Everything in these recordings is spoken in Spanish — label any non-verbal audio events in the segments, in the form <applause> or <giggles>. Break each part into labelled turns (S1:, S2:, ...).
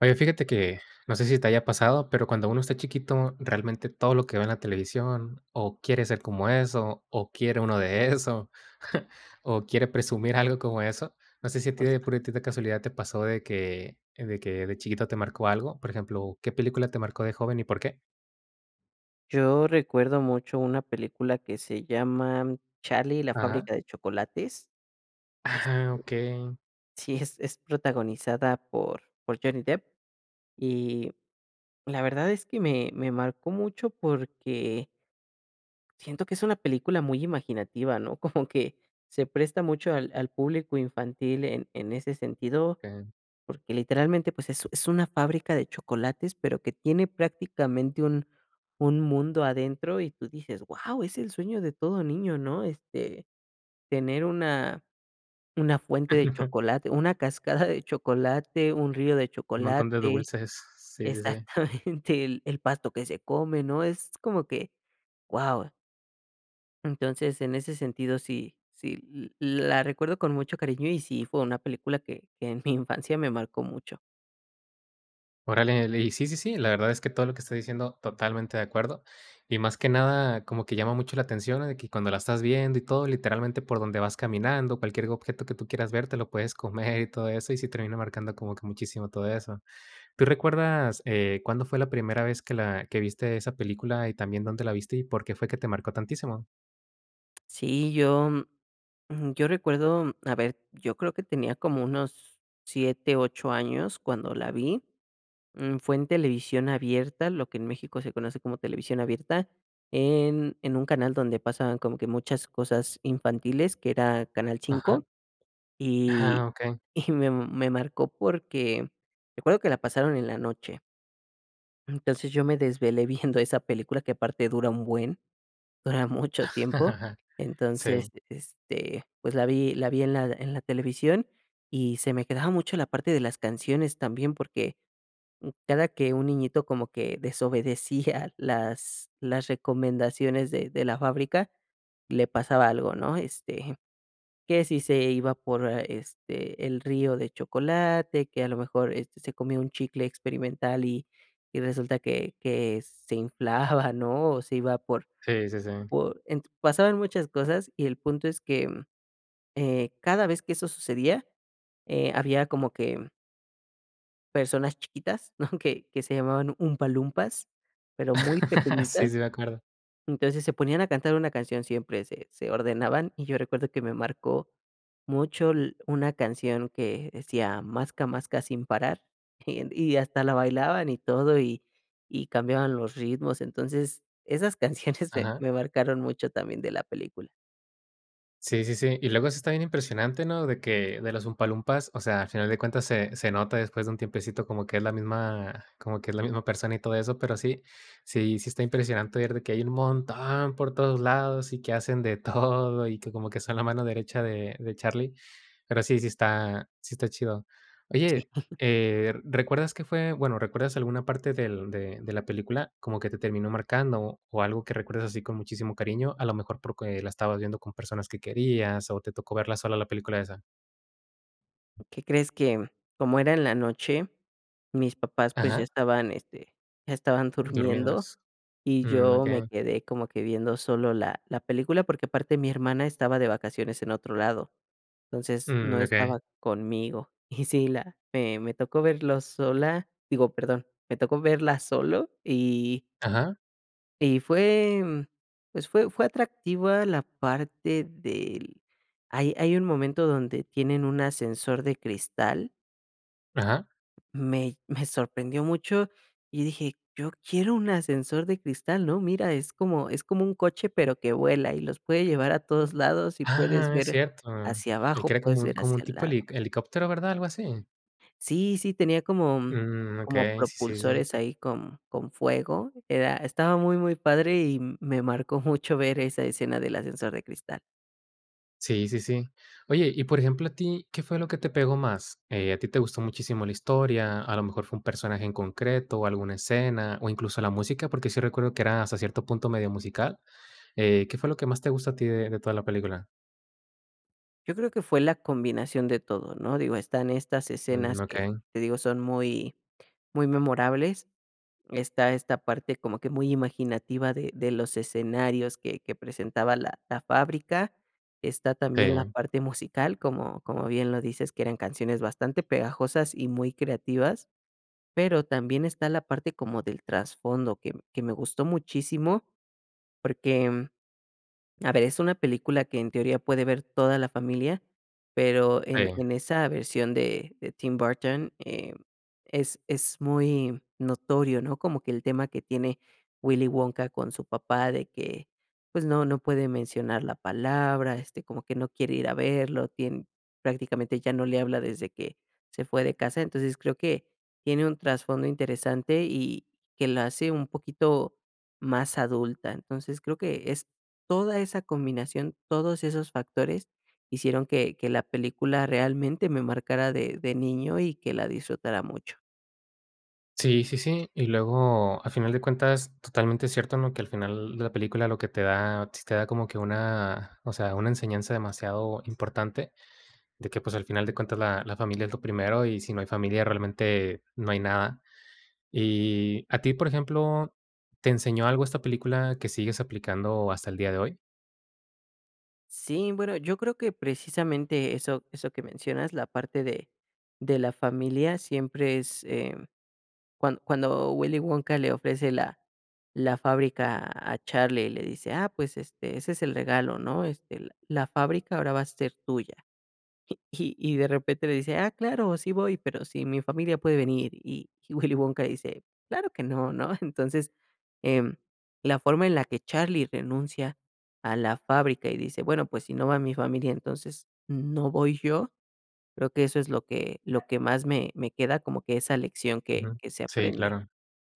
S1: Oye, fíjate que, no sé si te haya pasado, pero cuando uno está chiquito, realmente todo lo que ve en la televisión, o quiere ser como eso, o quiere uno de eso, <chuckles> o quiere presumir algo como eso. No sé si a ti de
S2: Justo.
S1: puritita casualidad, te pasó de que de que de chiquito te marcó algo. Por ejemplo, ¿qué película te marcó de joven y por qué?
S2: Yo recuerdo mucho una película que se llama Charlie y la
S1: Ajá.
S2: fábrica de chocolates. Y, este,
S1: Ah, okey.
S2: sí, es es protagonizada por por Johnny Depp, y la verdad es que me me marcó mucho porque siento que es una película muy imaginativa, ¿no? <chuckles> Como que, se presta mucho al al público infantil en en ese sentido,
S1: Okey.
S2: porque literalmente, pues, es es una fábrica de chocolates, pero que tiene prácticamente un un mundo adentro, y tú dices: "Guau, es el sueño de todo niño", ¿no? Este tener una una fuente de
S1: <laughs>
S2: chocolate, una cascada de chocolate, un río de
S1: Montón de
S2: chocolate,
S1: dulces, sí, sí, sí.
S2: exactamente el pasto que se come, ¿no?, es como que, guau. Entonces, en ese sentido sí sí, l la recuerdo con mucho cariño, y sí fue una película que que en mi <chuckles> infancia me marcó mucho.
S1: Órale, le y sí, sí, sí, la verdad es que todo lo que está diciendo, totalmente de acuerdo. Y más que nada como que llama mucho la atención de que cuando la estás viendo y todo, literalmente, por donde vas caminando, cualquier objeto que tú quieras ver te lo puedes comer y todo eso, y sí termina marcando como que muchísimo todo eso. ¿Tú recuerdas, eh, cuándo fue la primera vez que la que viste esa película, y también dónde la viste y por qué fue que te marcó tantísimo?
S2: Sí, yo, mm, yo recuerdo, a ver, yo creo que tenía como unos 7, 8 años cuando la vi, mm, fue en televisión abierta, lo que en México se conoce como televisión abierta, en en un canal donde pasaban como que muchas cosas infantiles, que era canal
S1: Ajá.
S2: 5, y
S1: Ah, okey.
S2: <giggles> y me me marcó porque, recuerdo que la pasaron en la noche. Entonces, yo me desvelé <chuckles> viendo esa película que aparte dura un buen, dura mucho tiempo.
S1: <laughs>
S2: Entonces,
S1: Sí.
S2: este, pues, la vi la vi, en la en la televisión, y se me quedaba mucho la parte de las canciones también, porque m cada que un niñito como que desobedecía las las recomendaciones de de la fábrica, le pasaba algo, ¿no?, este, que si se iba por a este, el río de chocolate, que a lo mejor este se comió un chicle experimental, y y resulta que que se inflaba, ¿no?, o se iba por
S1: Sí, sí, sí.
S2: por ent pasaban muchas cosas, y el punto es que, eh, cada vez que eso sucedía, eh, había como que personas chiquitas, <giggles> ¿no?, que que se llamaban Umpa Lumpas, pero muy
S1: <laughs> Sí,
S2: pequeñitas.
S1: sí me acuerdo.
S2: Entonces, se ponían a cantar una canción siempre, se se ordenaban, y yo recuerdo que me marcó mucho l una canción que decía: "Masca masca sin parar", <giggles> y hasta la bailaban y todo, y y cambiaban los ritmos, entonces, esas canciones <giggles> me
S1: Ajá.
S2: me marcaron mucho también de la película.
S1: Sí, sí, sí. Y luego eso está bien impresionante, ¿no? De que de las Umpa Lumpas, o sea, a final de cuentas se se nota después de un tiempecito como que es la misma como que es la misma persona, y todo eso, pero sí, sí, sí está impresionante ver de que hay un montón por todos lados, y que hacen de <chuckles> todo, y que como que son la mano derecha de de Charlie. Pero sí, sí está sí está chido.
S2: Sí.
S1: Oye,
S2: <giggles>
S1: eh, ¿recuerdas qué fue, bueno, recuerdas alguna parte del de de la película como que te terminó marcando, o algo que recuerdas así con muchísimo cariño? A lo mejor porque la estabas viendo con personas que querías, o te tocó verla sola la película esa.
S2: ¿Qué crees? Que cómo era en la noche, mis papás, pues, ya
S1: Ajá.
S2: estaban este, estaban durmiendo,
S1: Dormidas.
S2: y
S1: Mm,
S2: yo me
S1: okey.
S2: quedé como que viendo solo la la película, porque aparte mi hermana estaba de vacaciones en otro lado. Entonces no
S1: Mm, okey.
S2: estaba conmigo. Y si <chuckles> la me tocó verlo sola, digo perdón, me tocó verla solo, y
S1: Ajá.
S2: y fue pues, fue fue atractiva la parte del hay hay un momento donde tienen un ascensor de cristal
S1: Ajá.
S2: Me me sorprendió mucho, y dije: "Yo quiero un ascensor de cristal, ¿no? Mira, es como es como un coche, pero que vuela, y los puede llevar a todos lados, y puedes
S1: Ah, es
S2: ver
S1: cierto,
S2: hacia
S1: el que
S2: abajo,
S1: era como
S2: puedes
S1: un
S2: ver
S1: como un
S2: hacia al
S1: tipo,
S2: lado".
S1: heli helicóptero, ¿verdad? ¿Algo así?
S2: Sí, sí tenía como
S1: Mm,
S2: como
S1: okey, sí, sí, sí.
S2: propulsores ahí con con fuego, era, estaba muy, muy padre, y me marcó mucho ver esa escena del ascensor de cristal.
S1: Sí, sí, sí. Oye, y por ejemplo, a ti, ¿qué fue lo que te pegó más? Eh, ¿a ti te gustó muchísimo la historia? ¿A lo mejor fue un personaje en concreto o alguna escena? ¿O, incluso la música? Porque sí recuerdo que era hasta cierto punto medio musical. Eh, ¿qué fue lo que más te gustó a ti de toda la película?
S2: Yo creo que fue la combinación de todo, ¿no? Digo, están estas
S1: Mm,
S2: escenas que,
S1: okey.
S2: te digo, son muy muy memorables. Está, esta parte como que muy imaginativa de de los escenarios que que presentaba la la fábrica. Está también la
S1: Sí.
S2: parte musical, como como bien lo dices, que eran canciones bastante pegajosas y muy creativas, pero también está la parte como del trasfondo que que me gustó muchísimo porque, a ver, es una película que en teoría puede ver toda la familia, pero en
S1: Sí.
S2: en esa versión de de Tim Burton, eh, es es muy notorio, ¿no? Como que el tema que tiene Willy Wonka con su papá, de que, pues, no no puede mencionar la palabra, este, como que no quiere ir a verlo, tiene prácticamente ya no le habla desde que se fue de casa. Entonces, creo que tiene un trasfondo interesante, y que la hace un poquito más adulta. Entonces creo que es toda esa combinación, todos esos factores hicieron que que la película realmente me marcara de de niño, y que la disfrutara mucho.
S1: Sí, sí, sí, y luego, a final de cuentas, totalmente cierto, ¿no? Que al final la película lo que te da sí te da como que una o sea, una enseñanza demasiado importante, de que, pues, al final de cuentas, la la familia es lo primero, y si no hay familia, realmente no hay nada. Y, a ti, por ejemplo, ¿te enseñó algo esta película que sigues aplicando hasta el día de hoy?
S2: Sí, bueno, yo creo que precisamente eso, eso que mencionas, la parte de de la familia, siempre es, eh, cuando cuando Willy Wonka le ofrece la la fábrica a Charlie y le dice: "Ah, pues, este, ese es el regalo, ¿no? Este, la fábrica ahora va a ser tuya". Y <chuckles> y de repente le dice: "Ah, claro, sí voy, pero si mi familia puede venir", y Willy Wonka dice: "Claro que no", ¿no? Entonces, eh, la forma en la que Charlie renuncia a la fábrica y dice: "Bueno, pues, si no va mi familia, entonces, no voy yo". Creo que eso es lo que lo que más me queda, como que, esa lección que
S1: Ujú.
S2: que se
S1: Sí,
S2: aprende.
S1: claro.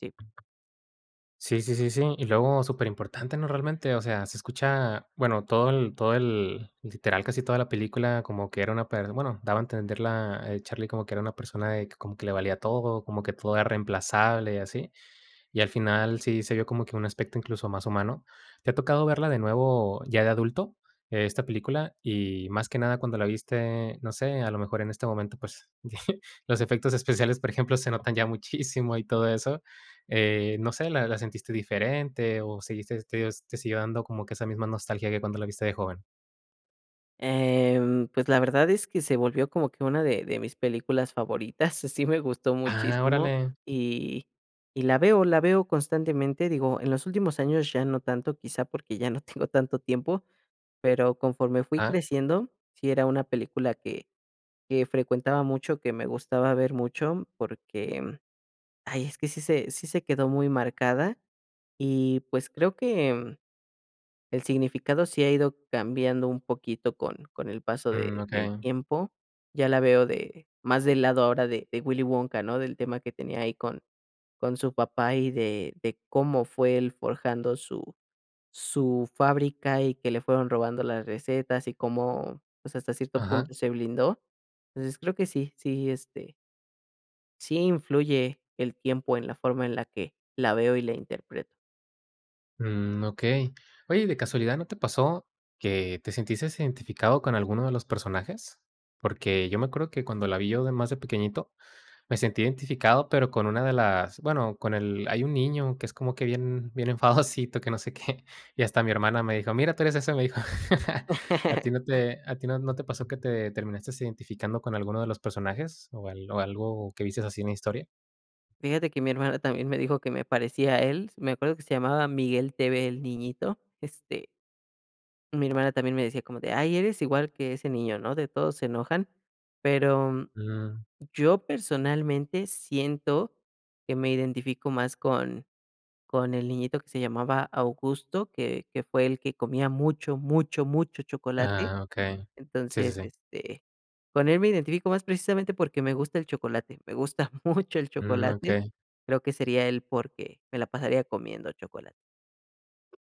S2: Sí.
S1: Sí, sí, sí, sí. Y luego superimportante, ¿no? Realmente, o sea, se escucha bueno, todo el, todo el, literal, casi toda la película, como que era una per bueno, daba a entender la el Charlie como que era una persona de que como que le valía todo, como que todo era reemplazable, y así. Y al final sí se vio como que un aspecto, incluso, más humano. ¿Te ha tocado verla de nuevo ya de adulto, esta película? Y más que nada cuando la viste, no sé, a lo mejor en este momento, pues, <chuckles> los efectos especiales, por ejemplo, se notan ya muchísimo, y todo eso. Eh, no sé, ¿la la sentiste diferente, o, seguiste este, te siguió dando como que esa misma nostalgia que cuando la viste de joven?
S2: Em pues, la verdad es que se volvió como que una de de mis películas favoritas, sí me gustó
S1: Ah,
S2: muchísimo
S1: órale.
S2: y, y la veo la veo constantemente. Digo, en los últimos años ya no tanto, quizá, porque ya no tengo tanto tiempo, pero conforme fui
S1: Ah.
S2: creciendo, sí era una película que que frecuentaba mucho, que me gustaba ver mucho, porque, ay, es que sí se sí se quedó muy marcada. Y pues, creo que, el significado sí ha ido cambiando un poquito con con el paso
S1: Mm,
S2: de del
S1: okey.
S2: tiempo. Ya la veo de más del lado ahora de de Willy Wonka, ¿no? Del tema que tenía ahí con con su papá, y de de cómo fue él forjando su su fábrica, y que le fueron robando las recetas, y cómo, pues, hasta cierto
S1: Ajá.
S2: punto, se blindó. Entonces creo que sí, sí, este sí influye el tiempo en la forma en la que la veo y la interpreto.
S1: Mm, okey. Oye, ¿de casualidad no te pasó que te sentiste identificado con alguno de los personajes? Porque yo me acuerdo que cuando la vi yo de más de pequeñito, me sentí identificado pero con una de las bueno, con el hay un niño que es como que bien, bien enfadosito, que no sé qué. Y hasta mi hermana me dijo: "Mira, tú eres eso", me dijo, <laughs> ¿a ti
S2: <laughs>
S1: no te a ti no no te pasó que, te terminaste identificando con alguno de los personajes, o al o algo que viste así en la historia?
S2: Fíjate que mi hermana también me dijo que me aparecía a él, me acuerdo que se llamaba Miguel TV el niñito, este Mi hermana también me decía como de: "Ay eres igual que ese niño, ¿no?, de todos se enojan", pero,
S1: Mm.
S2: yo personalmente, siento que me identifico más con con el niñito que se llamaba Augusto, que que fue el que comía mucho, mucho, mucho chocolate.
S1: Ah, okey. Sí, sí,
S2: Entonces,
S1: sí.
S2: este, con él me identifico más precisamente porque me gusta el chocolate, me gusta <giggles> mucho el
S1: Mm,
S2: chocolate.
S1: okey.
S2: Creo que sería el por qué me la pasaría comiendo chocolate.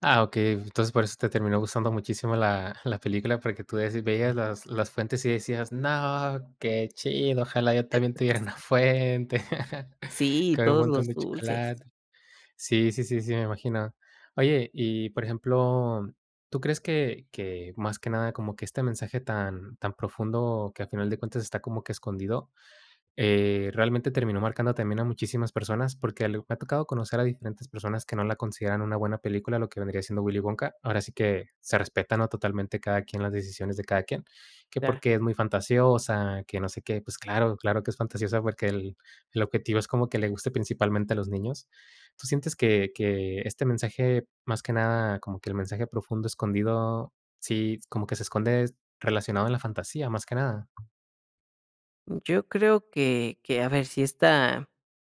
S1: Ah, okey. Entonces, por eso te terminó gustando muchísimo la la película, porque tú ves veías las las fuentes, y decías: "No, qué chido, ojalá yo también tuviera una
S2: <unintelligible>
S1: fuente, <laughs>
S2: Sí,
S1: con un
S2: todos
S1: montón
S2: los
S1: de
S2: dulces.
S1: chocolate". Sí, sí, sí, sí, me imagino. Oye, y por ejemplo, ¿tú crees que que, más que nada, como que este mensaje tan tan profundo que a final de cuentas está como que escondido, eh, realmente terminó marcando también a muchísimas personas? Porque ali me ha tocado conocer a diferentes personas que no la consideran una buena película, lo que vendría siendo Willy Wonka. Ahora sí que, se respeta, ¿no?, totalmente, cada quien las decisiones de cada quien. Que
S2: Claro.
S1: porque es muy fantasiosa, que no sé qué, pues claro, claro que es fantasiosa porque el el objetivo es como que le guste principalmente a los niños. ¿Tú sientes que que este mensaje, más que nada, como que el mensaje profundo escondido, sí, como que se esconde relacionado a la fantasía, más que nada?
S2: Yo creo que que, a ver, sí está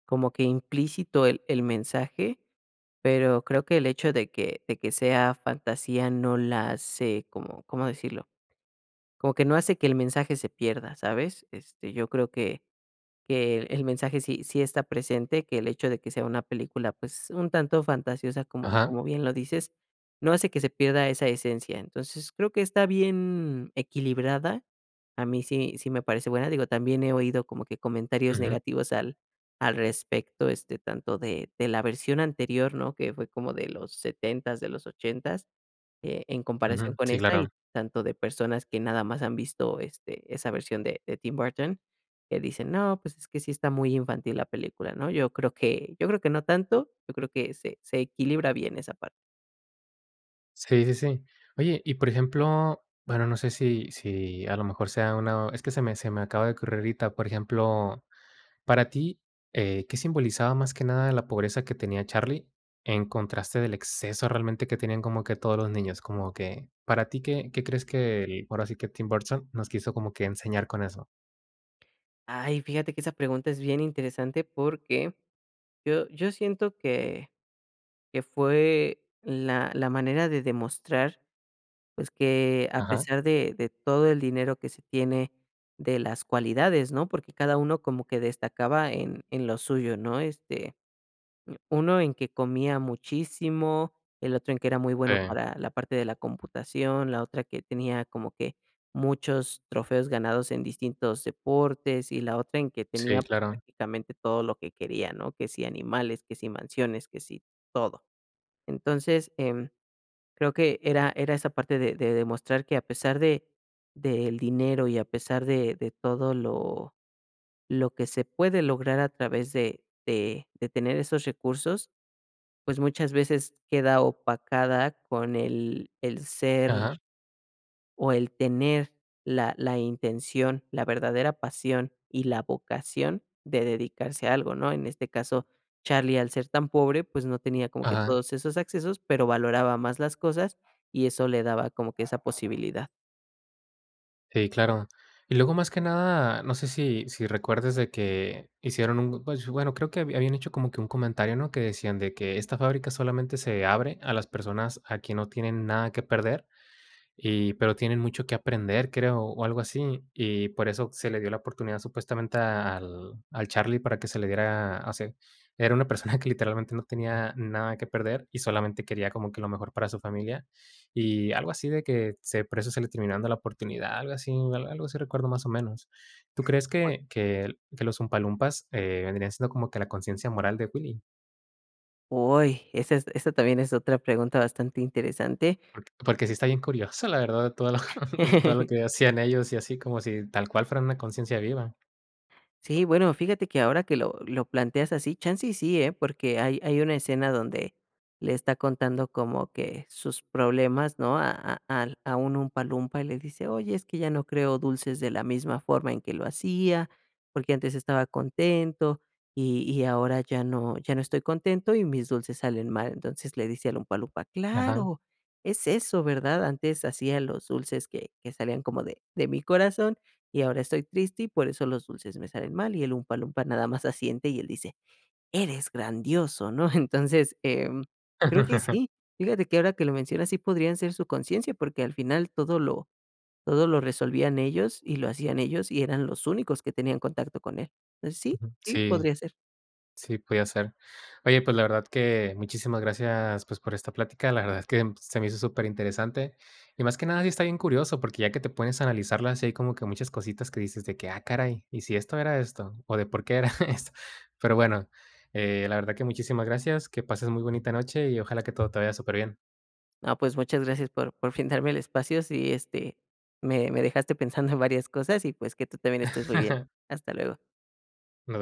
S2: como que implícito el el mensaje, pero creo que el hecho de que de que sea fantasía no la hace como, ¿cómo decirlo?, como que no hace que el mensaje se pierda, ¿sabes? Este, yo creo que que el mensaje sí sí está presente, que el hecho de que sea una película, pues, un tanto fantasiosa, como
S1: Ajá.
S2: como bien lo dices, no hace que se pierda esa esencia. Entonces, creo que está bien equilibrada, a mí sí sí me parece buena. Digo, también he oído como que comentarios
S1: Ujú.
S2: negativos al al respecto, este, tanto de de la versión anterior, ¿no?, que fue como de los 70's, de los 80's, e en comparación
S1: Ujú.
S2: con
S1: Sí,
S2: esta,
S1: claro.
S2: y tanto de personas que nada más han visto, este, esa versión de de Tim Burton, que dicen: "No, pues, es que sí está muy infantil la película", ¿no? Yo creo que yo creo que no tanto, yo creo que se se equilibra bien esa parte.
S1: Sí, sí, sí. Oye, y por ejemplo, bueno, no sé si si a lo mejor sea una es que se me se me acaba de ocurrir ahorita. Por ejemplo, para ti, eh, ¿qué simbolizaba más que nada la pobreza que tenía Charlie, en contraste del exceso realmente que tenían como que todos los niños?, como que, ¿para ti qué qué crees que el, ahora sí que Tim Burton nos quiso como que enseñar con eso?
S2: Ay, fíjate que esa pregunta es bien interesante, porque yo yo siento que que fue la la manera de demostrar, pues, que a
S1: Ajá.
S2: pesar de de todo el dinero que se tiene, de las cualidades, ¿no? Porque cada uno como que destacaba en en lo suyo, ¿no? Este, u uno en que comía muchísimo, el otro en que era muy bueno
S1: Sí.
S2: para la parte de la computación, la otra que tenía como que muchos trofeos ganados en distintos deportes, y la otra en que tenía,
S1: Sí,
S2: pues,
S1: claro.
S2: prácticamente todo lo que quería, ¿no? Que si animales, que si mansiones, que si todo. Entonces, em, creo que era era esa parte de demostrar, que a pesar de del dinero, y a pesar de de todo lo lo que se puede lograr a través de de de tener esos recursos, pues, muchas veces queda opacada con el el ser
S1: Ajá.
S2: o, el tener la la intención, la verdadera pasión y la vocación de dedicarse a algo, ¿no? En este caso, Charlie, al ser tan pobre, pues, no tenía como que
S1: Ajá.
S2: todos esos accesos, pero valoraba más las cosas, y eso le daba como que esa posibilidad.
S1: Sí, claro. Y luego, más que nada, no sé si si recuerdes de que hicieron un pues, bueno, creo que habían hecho como que un comentario, ¿no? Que decían de que esta fábrica solamente se abre a las personas a quien no tienen nada que perder. Y pero tienen mucho que aprender, creo, o algo así. Y por eso se le dio la oportunidad supuestamente a al al Charlie para que se le diera, así, era <giggles> una persona que literalmente no tenía nada que perder y solamente quería como que lo mejor para su familia. Y algo así de que, se por eso se le termina dando la oportunidad, algo así algo así recuerdo, más o menos. ¿Tú crees
S2: O
S1: que que los Oompa Loompas, eh, vendrían siendo como que la conciencia moral de Willy?
S2: Uy, esa es esa también es otra pregunta bastante interesante.
S1: Por porque sí está bien curioso, la verdad, en todo lo <giggles> en todo lo
S2: <chuckles>
S1: que hacían ellos, y así como si tal cual fueran una conciencia viva.
S2: Sí, bueno, fíjate que ahora que lo lo planteas así, chance, y sí, ¿eh? Porque hay hay una escena donde le está contando como que sus problemas, ¿no? A a al a un Oompa Loompa, y le dice: "Oye, es que ya no creo dulces de la misma forma en que lo hacía, porque antes estaba contento, y y ahora ya no ya no estoy contento y mis dulces salen mal". Entonces, le dice a Oompa Loompa:
S1: Ajá.
S2: "Claro, es eso, ¿verdad?. Antes hacía los dulces que que salían como de de mi corazón y ahora estoy triste y por eso los dulces me salen mal". Y el Oompa Loompa nada más asiente, y él dice: "Eres grandioso, ¿no?". Entonces, em, creo que
S1: <chuckles>
S2: sí fíjate que ahora que lo mencionas, sí podrían ser su conciencia porque al final todo lo todo lo resolvían ellos, y lo hacían ellos, y eran los únicos que tenían contacto con él. Entonces, sí,
S1: Ujú.
S2: sí
S1: Sí.
S2: podría ser.
S1: Sí, podía ser. Oye, pues la verdad que muchísimas gracias, pues, por esta plática. La verdad es que se me hizo superinteresante. Y más que nada, sí está bien curioso, porque ya que te pones a analizarlas, hay como que muchas cositas que dices de que: "Ah, caray, ¿y si esto era esto? ¿O de por qué era <giggles> esto?" Pero bueno, eh, la verdad que muchísimas gracias, que pases muy bonita noche, y ojalá que todo te vaya superbién.
S2: No, pues, muchas gracias por por brindarme el espacio. Sí, este, me me dejaste pensando en varias cosas y, pues, que tú también estés muy bien.
S1: <laughs>
S2: Hasta luego.
S1: Nada.